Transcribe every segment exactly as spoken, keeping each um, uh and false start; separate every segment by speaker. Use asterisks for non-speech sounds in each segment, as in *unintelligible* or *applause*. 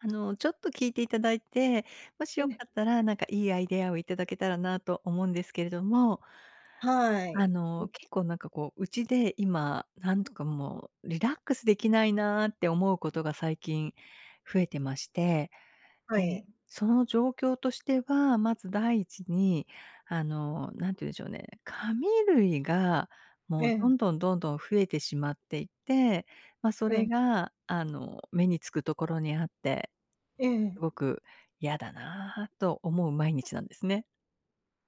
Speaker 1: あの、ちょっと聞いていただいて、もし
Speaker 2: う
Speaker 1: よか
Speaker 2: ね。
Speaker 1: ったら、なんかいいアイデアを頂けたらなと思うんですけれども。
Speaker 2: は
Speaker 1: あ
Speaker 2: い。ん。
Speaker 1: の、結構、なんかこう、家で今、何つか、もう、リラックスできないなって思うことが最近増えてまして。
Speaker 2: は
Speaker 1: で、
Speaker 2: い。
Speaker 1: その状況としては、まずだいいちに、あの、何て言うんでしょうね、紙類が、も
Speaker 2: え
Speaker 1: う、ど
Speaker 2: え。
Speaker 1: んどんどんどん増えてしまっていて、ま、そ
Speaker 2: え
Speaker 1: れ
Speaker 2: え。
Speaker 1: が、あの、目に付くところにあって、
Speaker 2: ええ。
Speaker 1: すごく嫌だなと思う毎日なんですね。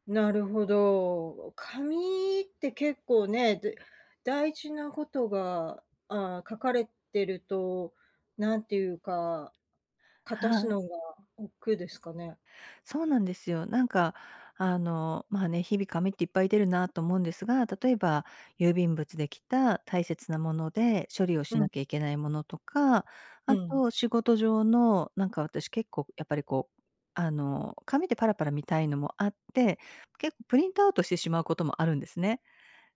Speaker 2: なるほど。紙って結構ね、で大事なことが、ああ、書かれてると、なんていうか、かたす
Speaker 1: はい。
Speaker 2: のが億劫ですかね。
Speaker 1: そうなんですよ。なんか、あの、まあね、日々紙っていっぱい出るなと思うんですが、例えば、郵便物で来た大切なもので、処理をし
Speaker 2: う
Speaker 1: な
Speaker 2: ん。
Speaker 1: きゃいけないものとか、
Speaker 2: う
Speaker 1: あ
Speaker 2: ん。
Speaker 1: と、仕事上のなんか私、結構やっぱり、こう、あの、紙でパラパラ見たいのもあって、結構プリントアウトしてしまうこともあるんですね。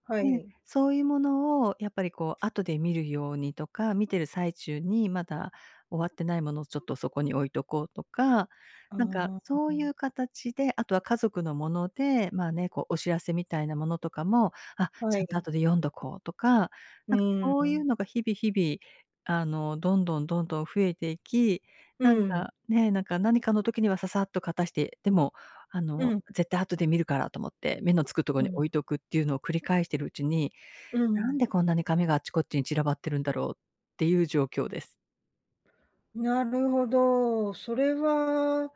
Speaker 2: は
Speaker 1: で、
Speaker 2: い。
Speaker 1: そういうものをやっぱり、こう、後で見るようにとか、見てる最中にまだ終わってないものを、ちょっとそこに置いとこうとか、
Speaker 2: あ
Speaker 1: なんか、
Speaker 2: あ、あ
Speaker 1: そうい
Speaker 2: あ。
Speaker 1: う形であとは家族のもので、まあね、こう、お知らせみたいなものとかも、あ、
Speaker 2: は
Speaker 1: ちゃんと
Speaker 2: い。
Speaker 1: 後で読んどこうとか。
Speaker 2: う
Speaker 1: なんか
Speaker 2: ー
Speaker 1: そういう
Speaker 2: ん。
Speaker 1: のが日々日々、あの、どんどんどんどん増えていき、
Speaker 2: う
Speaker 1: なん
Speaker 2: ん。
Speaker 1: か、ね、なんか、何かの時にはササッとかたして、でも、あ
Speaker 2: う
Speaker 1: の、
Speaker 2: ん。
Speaker 1: 絶対後で見るからと思って、目のつくところ
Speaker 2: う
Speaker 1: に
Speaker 2: ん。
Speaker 1: 置いとくっていうのを繰り返しているうちに、
Speaker 2: う
Speaker 1: なん
Speaker 2: ん。
Speaker 1: でこんなに紙があっちこっちに散らばってるんだろう、っていう状況です。
Speaker 2: なるほど。それは、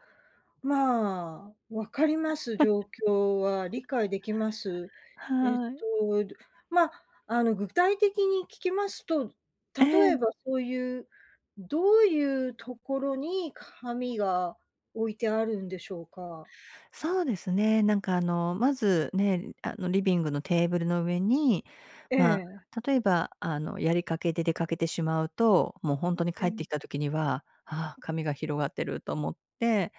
Speaker 2: まあ、分かります、状況は、
Speaker 1: *laughs*
Speaker 2: 理解できます。えっ
Speaker 1: はい。
Speaker 2: と、どま、あの、具体的に聞きますと、
Speaker 1: え
Speaker 2: 例え
Speaker 1: え。
Speaker 2: ばそういうどういうところに紙が置いてあるんでしょうか？
Speaker 1: そうですね、なんか、あの、まず、ねえ、あの、リビングのテーブルの上に、
Speaker 2: え
Speaker 1: ま
Speaker 2: え。
Speaker 1: あ、例えば、あの、やりかけで出かけてしまうと、もうほんとに
Speaker 2: う
Speaker 1: 帰って
Speaker 2: ん。
Speaker 1: きた時には、「ああ、紙が広がってる」と思って、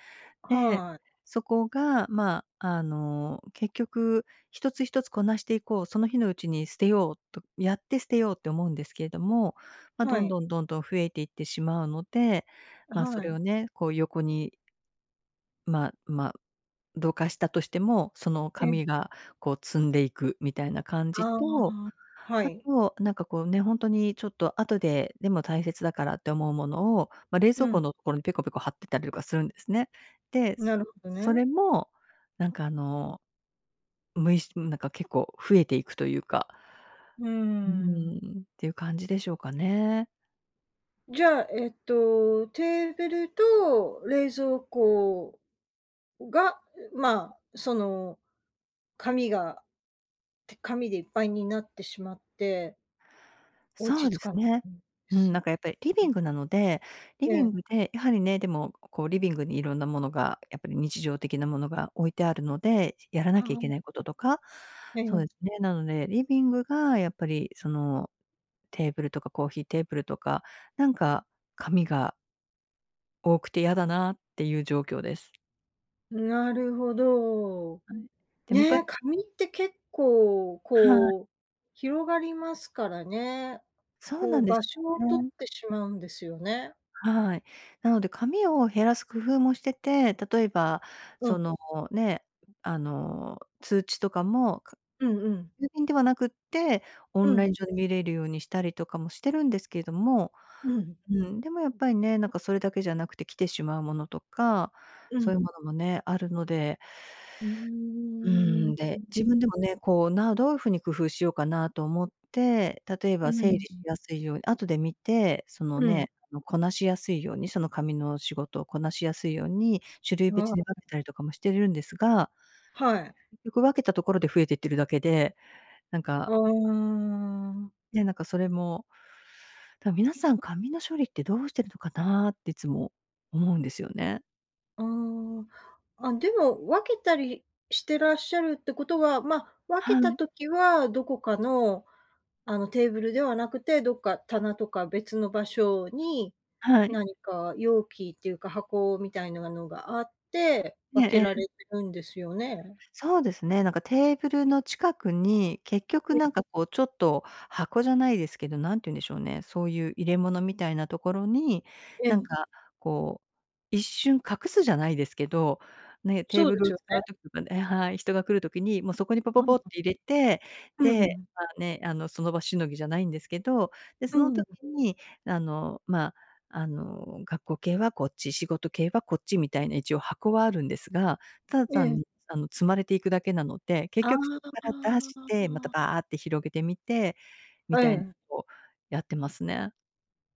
Speaker 1: で、
Speaker 2: はい。
Speaker 1: そこが、まあ、あの、結局、「一つ一つこなしていこう」、「その日のうちに捨てよう」、と、「やって捨てよう」って思うんですけども、ま、
Speaker 2: は
Speaker 1: どん
Speaker 2: い。
Speaker 1: どんどんどん増えていってしまうので、ま、そ
Speaker 2: は
Speaker 1: れを
Speaker 2: い。
Speaker 1: ね、こう、横にまま、どかしたとしても、その
Speaker 2: えん。
Speaker 1: 紙が、こう、積んでいくみたいな感じ
Speaker 2: あ
Speaker 1: と、
Speaker 2: あ、は
Speaker 1: あ
Speaker 2: い。
Speaker 1: と、なんか、こう、ね、ほんとにちょっと後で、でも大切だからって思うものを、ま、冷蔵
Speaker 2: う
Speaker 1: 庫
Speaker 2: ん。
Speaker 1: のところにペコペコ貼ってたりとかするんですね。で、
Speaker 2: な
Speaker 1: す
Speaker 2: るほど
Speaker 1: そ
Speaker 2: ね。
Speaker 1: れも、なんか、あの、むいしん、なんか結構増えていくというか、
Speaker 2: うー
Speaker 1: うー
Speaker 2: ん。
Speaker 1: ん、っていう感じでしょうかね。
Speaker 2: じゃあ、えっと、テーブルと冷蔵庫が、うまあ、その、紙がて紙でいっぱいになってしまって落
Speaker 1: そ
Speaker 2: ち
Speaker 1: うで
Speaker 2: 着
Speaker 1: す
Speaker 2: かな
Speaker 1: ね。
Speaker 2: いんで
Speaker 1: うん。な
Speaker 2: す。
Speaker 1: んかやっぱりリビ
Speaker 2: うん。
Speaker 1: ングなので、リビン
Speaker 2: ええ。
Speaker 1: グで、やはりね、でも、こうリビングに色んなものが、やっぱり日常的なものが置いてあるので、しやらな
Speaker 2: は
Speaker 1: きゃい
Speaker 2: あ。
Speaker 1: け
Speaker 2: *unintelligible*
Speaker 1: ないこととか、
Speaker 2: え
Speaker 1: そうで
Speaker 2: え。
Speaker 1: すね。なので、リビングがやっぱりその、テーブルとかコーヒーテーブルとかなんか紙が多くてやだなっていう状況です。
Speaker 2: なるほど。
Speaker 1: はい。で、むか
Speaker 2: ね、紙って結構、
Speaker 1: はい。
Speaker 2: こう、広がりますからね。
Speaker 1: そう
Speaker 2: こ
Speaker 1: なん
Speaker 2: う
Speaker 1: で
Speaker 2: 場
Speaker 1: す
Speaker 2: 所を取っ
Speaker 1: ね。
Speaker 2: てしまうんですよね。
Speaker 1: はい。なので紙を減らす工夫もしてて、例えば
Speaker 2: う
Speaker 1: そ
Speaker 2: ん。
Speaker 1: の、ね。あの、通知とかも、か
Speaker 2: うんうん。
Speaker 1: 郵便ではなくって、オ
Speaker 2: う
Speaker 1: ンライ
Speaker 2: ん。
Speaker 1: ン上で見れるようにしたりとかもしてるんですけれども
Speaker 2: うん。
Speaker 1: うん。でもやっぱりね、なんかそれだけじゃなくて来てしまうものとか、
Speaker 2: う
Speaker 1: そうい
Speaker 2: ん。
Speaker 1: うものもね、あるので
Speaker 2: うー
Speaker 1: う
Speaker 2: ん。
Speaker 1: ー
Speaker 2: う、
Speaker 1: ん。で、
Speaker 2: う
Speaker 1: 自
Speaker 2: ん。
Speaker 1: 分でもね、こう、などういう風に工夫しようかなと思って、例え
Speaker 2: う
Speaker 1: ば
Speaker 2: ん、
Speaker 1: 整理し
Speaker 2: ん。
Speaker 1: やすいよう、後で見て、その
Speaker 2: うん。
Speaker 1: ね、あの、こなしやすいようにその紙の仕事をこなしやすいように、種類
Speaker 2: あ
Speaker 1: 別に分
Speaker 2: あ。
Speaker 1: けたりとかもしてるんですが
Speaker 2: はい。
Speaker 1: 結局分けたところで増えてってるだけで、なんか
Speaker 2: お、うーん。
Speaker 1: ね、なんかそれも。だ皆さん、紙の処理ってどうしてるのかなってつも思うんですよね。
Speaker 2: ああ。あ、でも、分けたりしてらっしゃるってことは、ま、分
Speaker 1: は
Speaker 2: けた
Speaker 1: い。
Speaker 2: 時はどこかの、あの、テーブルではなくて、どっか棚とか別の場所に
Speaker 1: はい。
Speaker 2: なにか容器っていうか箱みたいのなのがあって、
Speaker 1: え
Speaker 2: 分
Speaker 1: え
Speaker 2: け
Speaker 1: え
Speaker 2: ら
Speaker 1: え。
Speaker 2: れてるんですよね？
Speaker 1: そうですね、なんかテーブルの近くに、結
Speaker 2: う
Speaker 1: 局な
Speaker 2: ん。
Speaker 1: んか、こう、ちょっと箱じゃないですけど、なんて言うんでしょうね、そういう入れ物みたいなところに、
Speaker 2: え
Speaker 1: なん
Speaker 2: え。
Speaker 1: か、こう、一瞬隠すじゃないですけど、ね、テー
Speaker 2: そう
Speaker 1: ブ
Speaker 2: で
Speaker 1: ル
Speaker 2: す
Speaker 1: を
Speaker 2: よ
Speaker 1: 使
Speaker 2: ね。
Speaker 1: う時とかええ、はい、人が来る時に、もうそこにポポポっ
Speaker 2: *unintelligible*
Speaker 1: て入れて、
Speaker 2: う
Speaker 1: で、
Speaker 2: ん。
Speaker 1: まあね、あの、その場しのぎじゃないんですけど、で、
Speaker 2: う
Speaker 1: その
Speaker 2: ー
Speaker 1: 時
Speaker 2: ん。
Speaker 1: に、あの、まあ、あの、学校系はこっち、仕事系はこっちみたいな一応箱はあるんですが、ただ
Speaker 2: ええ。
Speaker 1: 単あの、積まれていくだけなので、結
Speaker 2: あ
Speaker 1: 局そこから出して、また
Speaker 2: あ。
Speaker 1: バーって広げてみて、みたいの
Speaker 2: ええ。
Speaker 1: をやってますね。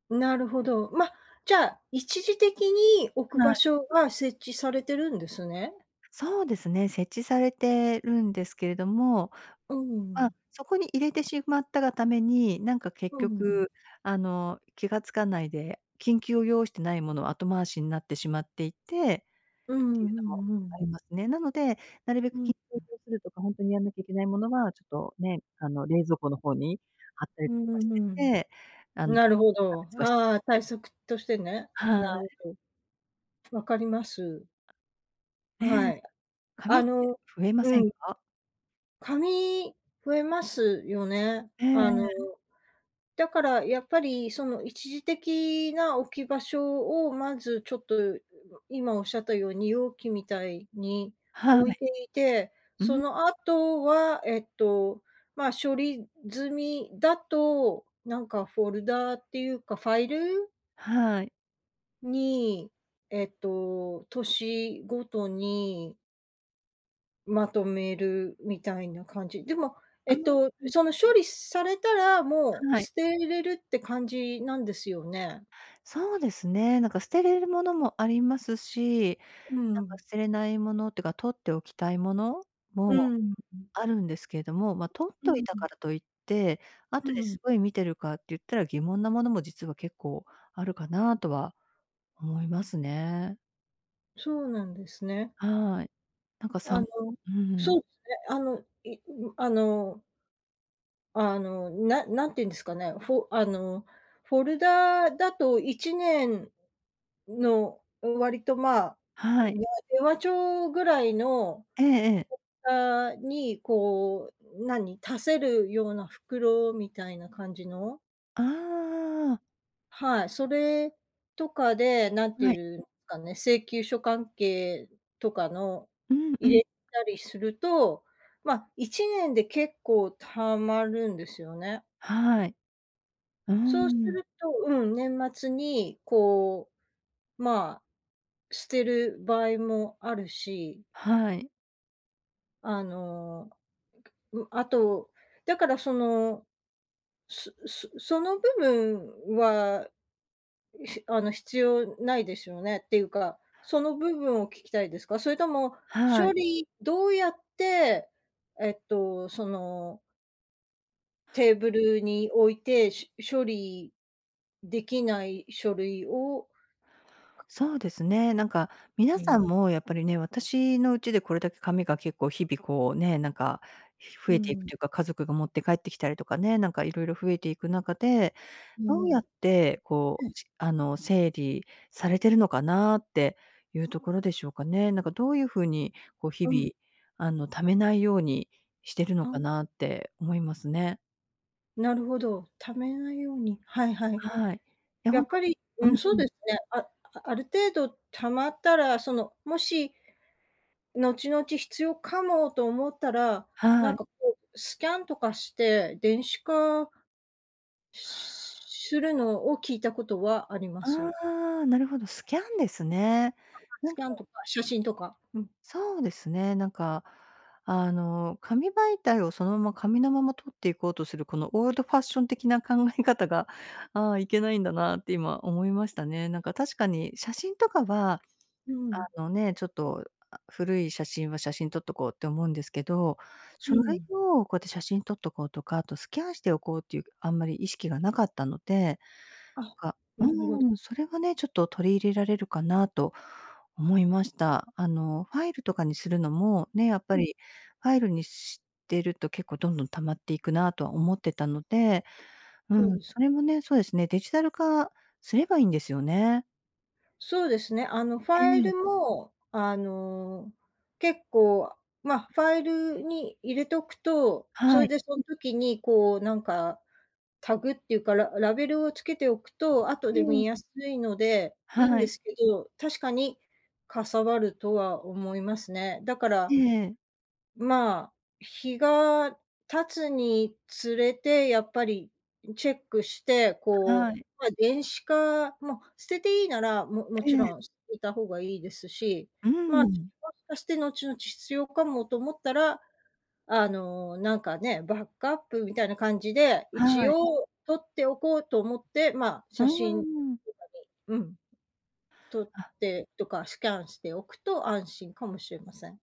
Speaker 2: なるほど。ま、じゃあ、一時的に置く
Speaker 1: は
Speaker 2: 場
Speaker 1: い。
Speaker 2: 所が設置されてるんですね？
Speaker 1: そうですね、設置されてるんですけれども、
Speaker 2: う
Speaker 1: まあ、
Speaker 2: ん。
Speaker 1: そこに入れてしまったがために、なんか結
Speaker 2: うん。
Speaker 1: 局、あの、気が付かないで、緊急を要してないものは後回しになってしまっていて
Speaker 2: う
Speaker 1: って
Speaker 2: ん
Speaker 1: い
Speaker 2: う
Speaker 1: う
Speaker 2: ん
Speaker 1: のも
Speaker 2: うん、うう
Speaker 1: あ
Speaker 2: ん。
Speaker 1: りますね。なので、なるべ
Speaker 2: う
Speaker 1: く緊急
Speaker 2: ん。
Speaker 1: を要するとか、ほんとにやんなきゃいけないものは、ちょっとね、あの、冷蔵庫の方に貼った
Speaker 2: う
Speaker 1: りと
Speaker 2: ん
Speaker 1: か
Speaker 2: う
Speaker 1: して
Speaker 2: ん
Speaker 1: て、あ
Speaker 2: うん。
Speaker 1: の、
Speaker 2: なるほ
Speaker 1: 差
Speaker 2: ど、
Speaker 1: 別はしてる
Speaker 2: ああ、
Speaker 1: って
Speaker 2: 対策としてね。
Speaker 1: は
Speaker 2: なるほ
Speaker 1: い。
Speaker 2: ど。分かります。
Speaker 1: ね
Speaker 2: は
Speaker 1: え。
Speaker 2: い。
Speaker 1: 紙
Speaker 2: あ
Speaker 1: って
Speaker 2: の
Speaker 1: 増えませ
Speaker 2: う
Speaker 1: ん
Speaker 2: ん。
Speaker 1: か？
Speaker 2: 紙、増えますよね。
Speaker 1: ええ、
Speaker 2: あの、
Speaker 1: えん。
Speaker 2: だからやっぱり、その一時的な置き場所をまず、ちょっと、う *unintelligible* 今おっしゃったように容器みたいに
Speaker 1: は
Speaker 2: 置
Speaker 1: い。
Speaker 2: いていて、
Speaker 1: う
Speaker 2: そ
Speaker 1: ん。
Speaker 2: の後は、えっと、ま、処理済みだと、なんかフォルダーっていうか、ファイル
Speaker 1: はい。
Speaker 2: に、えっと、年ごとにまとめるみたいな感じ。でも、え
Speaker 1: ああ、
Speaker 2: っと、
Speaker 1: うん。
Speaker 2: その、処理されたら、もう
Speaker 1: はい。
Speaker 2: 捨てれるって感じなんですよね。
Speaker 1: そうですね、なんか捨てれるものもありますし、
Speaker 2: う
Speaker 1: な
Speaker 2: ー
Speaker 1: んか
Speaker 2: ん。
Speaker 1: 捨てれないものってか取っておきたいもの
Speaker 2: う
Speaker 1: も
Speaker 2: ーん。
Speaker 1: あるんですけれども、ま、取っ
Speaker 2: う
Speaker 1: とい
Speaker 2: ー
Speaker 1: た
Speaker 2: ん。
Speaker 1: からといって、
Speaker 2: う
Speaker 1: 後で
Speaker 2: ーん。
Speaker 1: すごい見てるかって言ったら、疑問なものも実は結構あるかなとは思いますね。
Speaker 2: そうなんですね。
Speaker 1: はい。なんかさ
Speaker 2: あ
Speaker 1: ん
Speaker 2: の
Speaker 1: うん。
Speaker 2: そうすね。あの、いうむあのあの、な何て言うんですかね、フォあの、フォルダーだといちねんの、ん、割と、まあ *unintelligible*
Speaker 1: はい。
Speaker 2: 電話帳ぐらいの、
Speaker 1: ええええ。
Speaker 2: フォッターに、こう、何、足せるような袋みたいな感じの
Speaker 1: ああ。
Speaker 2: はい。それとかで、なん
Speaker 1: は
Speaker 2: て言
Speaker 1: い。
Speaker 2: うんかね、請求書関係とかの
Speaker 1: うんう
Speaker 2: 入
Speaker 1: ん。
Speaker 2: れたりすると、ま、いちねんで結構溜まるんですよね。
Speaker 1: はい。う
Speaker 2: そうす
Speaker 1: ん。
Speaker 2: ると、うん。年末にこう、まあ、捨てる場合もあるし
Speaker 1: はい。
Speaker 2: あの、ん、あと、だからその、すすその部分は、*sneezes* あの、必要ないですよね、っていうか、その部分を聞きたいですか？それとも
Speaker 1: は
Speaker 2: 処
Speaker 1: い。
Speaker 2: 理どうやってえっと、そのテーブ
Speaker 1: そう。
Speaker 2: ルに置いて、しゅ処理できない書類を
Speaker 1: そうですね。なんか、皆
Speaker 2: う
Speaker 1: さ
Speaker 2: ん。
Speaker 1: んもやっぱりね、私のうちでこれだけ紙が結構日々こうね、なんか、ひ増
Speaker 2: う
Speaker 1: えていく
Speaker 2: ん。
Speaker 1: というか、家族が持って帰ってきたりとかねなんか色々増えていく中で、
Speaker 2: う
Speaker 1: どうや
Speaker 2: ん。
Speaker 1: ってこ
Speaker 2: う
Speaker 1: う、
Speaker 2: ん。
Speaker 1: あの、整理されてるのかなっていうところでしょうかね。なんかどういう風に、こう日
Speaker 2: うん。
Speaker 1: 々、あの、溜めないようにしてるのか
Speaker 2: あ。
Speaker 1: なって思いますね。
Speaker 2: なるほど、貯めないように、はいはい。
Speaker 1: はい。いや、
Speaker 2: や
Speaker 1: ほん
Speaker 2: っ
Speaker 1: と
Speaker 2: ぱり、
Speaker 1: う
Speaker 2: うん。そう
Speaker 1: ん。
Speaker 2: ですね。あある程度貯まったら、その、もし、後々必要かもと思ったらな
Speaker 1: は
Speaker 2: ん
Speaker 1: い。
Speaker 2: かこう、スキャンとかして電子化するのを聞いたことはあります。
Speaker 1: ああ、なるほど。スキャンですね。
Speaker 2: *unintelligible*
Speaker 1: な
Speaker 2: ス
Speaker 1: ん
Speaker 2: キ
Speaker 1: か
Speaker 2: ャンとか写真とか、うん。
Speaker 1: そうですね、なんか、あの、紙媒体をそのまま紙のままとっていこうとする、このオールドファッション的な考え方が、ああいけないんだな、って今、思いましたね。なんか確かに写真とかは、
Speaker 2: うん。
Speaker 1: あのね、ちょっと、あ、古い写真は写真撮っとこうって思うんですけど
Speaker 2: う
Speaker 1: 書類
Speaker 2: ん。
Speaker 1: を、こうやって写真撮っとこうとか、あとスキャンしておこうっていうあんまり意識がなかったので、
Speaker 2: あ、
Speaker 1: か
Speaker 2: な
Speaker 1: う
Speaker 2: るほど。
Speaker 1: ん。それはねちょっと取り入れられるかなと思いました。あの、ファイルとかにするのも、ね、やっぱ
Speaker 2: うん。
Speaker 1: りファイルにしてると結構どんどん溜まっていくなとは思ってたので、う
Speaker 2: そう
Speaker 1: ん。
Speaker 2: です。
Speaker 1: それもね、そうですね、デジタル化すればいんですよね。
Speaker 2: そうですね、あの、フ
Speaker 1: う
Speaker 2: ァイ
Speaker 1: ん。
Speaker 2: ルも、あの、結構、ま、ファイルに入れとくと、そ
Speaker 1: は
Speaker 2: れ
Speaker 1: い。
Speaker 2: でそん時に、こう、なんか、タグっていうか、らラベルをつけておくと後
Speaker 1: う
Speaker 2: で見
Speaker 1: ん。
Speaker 2: やすいのでいいん
Speaker 1: は
Speaker 2: で
Speaker 1: い。
Speaker 2: すけど、確かにかさばるとは思いますね。だから、
Speaker 1: ええ。
Speaker 2: まあ、日が経つにつれてやっぱりチェックして、こ
Speaker 1: は
Speaker 2: う、
Speaker 1: い。
Speaker 2: ま、電子化、ま、捨てていいなら、もも
Speaker 1: え
Speaker 2: ち
Speaker 1: え。
Speaker 2: ろん捨てた方がいいですし、
Speaker 1: うー
Speaker 2: まあ、
Speaker 1: ん。
Speaker 2: *unintelligible* して後々必要かもと思ったら、あの、なんかね、バックアップみたいな感じで一
Speaker 1: はい。
Speaker 2: 応とっておこうと思って、まあ、
Speaker 1: うん
Speaker 2: 写
Speaker 1: う
Speaker 2: 真と
Speaker 1: んうん。
Speaker 2: かで、うん、撮っ
Speaker 1: あ。
Speaker 2: て、とか、スキャンしておくと安心かもしれません。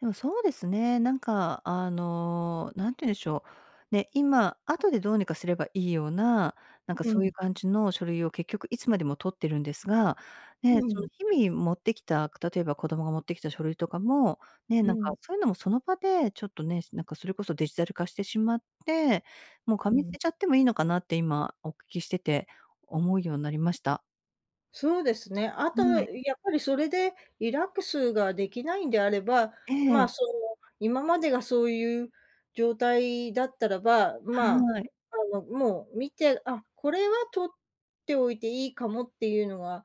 Speaker 1: でも、そうですね。なんか、あの、なんて言うんでしょう、ね、今、あとでどうにかすればいいような、なんか
Speaker 2: う
Speaker 1: そうい
Speaker 2: ん。
Speaker 1: う感じの書類を結局いつまでも取ってるんですが、
Speaker 2: う
Speaker 1: ね、
Speaker 2: ー
Speaker 1: その、
Speaker 2: ん。
Speaker 1: 日々持ってきた、例えば子供が持ってきた書類とかも、ね、
Speaker 2: う
Speaker 1: なんか、
Speaker 2: ん。
Speaker 1: そういうのもその場でちょっとね、なんかそれこそデジタル化してしまって、もう
Speaker 2: う
Speaker 1: 紙捨
Speaker 2: ん。
Speaker 1: てちゃってもいいのかなって、今お聞きしてて思うようになりました。
Speaker 2: そうですね。あと、
Speaker 1: むあい。
Speaker 2: やっぱりそれでリラックスができないんであれば、
Speaker 1: ええ。
Speaker 2: ま、その、今までがそういう状態だったらば、
Speaker 1: は
Speaker 2: まあ、
Speaker 1: い。
Speaker 2: あの、もう見て、あ、これは取っておいていいかもっていうのは、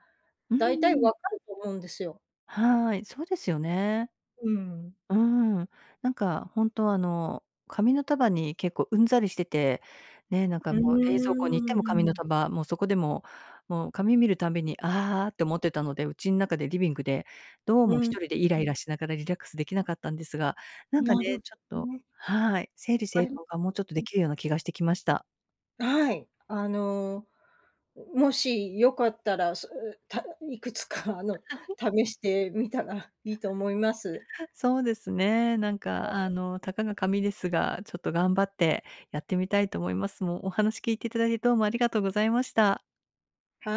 Speaker 1: うー
Speaker 2: だいたい分
Speaker 1: ん。
Speaker 2: かると思うんですよ。
Speaker 1: はい、そうですよね。
Speaker 2: うん。
Speaker 1: うーん。なんか、ほんとは、あの、紙の束に結構うんざりしてて、ね、なんか
Speaker 2: うー
Speaker 1: もう冷蔵庫に行っても紙の
Speaker 2: ん。
Speaker 1: 束、もうそこでも、もう紙見るたんびに「あー！」って思ってたので、家ん中でリビングで、どう
Speaker 2: う
Speaker 1: もひ
Speaker 2: ん、
Speaker 1: とりでイラ
Speaker 2: う
Speaker 1: イ
Speaker 2: ん。
Speaker 1: ラしながらリラックスできなかったんですが、なんか
Speaker 2: な
Speaker 1: ね、
Speaker 2: る
Speaker 1: ちょっ
Speaker 2: ほ
Speaker 1: と
Speaker 2: ね。
Speaker 1: はい、整理
Speaker 2: あ
Speaker 1: 整
Speaker 2: りま
Speaker 1: 頓がもうちょっと
Speaker 2: う
Speaker 1: で
Speaker 2: ん。
Speaker 1: きるような気がしてきました。
Speaker 2: はい。あの、ん、もしよかったら、すたいくつか、あの、
Speaker 1: *chuckles*
Speaker 2: 試してみたらいいと思います。
Speaker 1: *chuckles* そうですね。なんか、あ
Speaker 2: *unintelligible*
Speaker 1: の、たかが紙ですが、ちょっと頑張ってやってみたいと思います。もう、お話聞いていただいて、どうもありがとうございました。
Speaker 2: はい。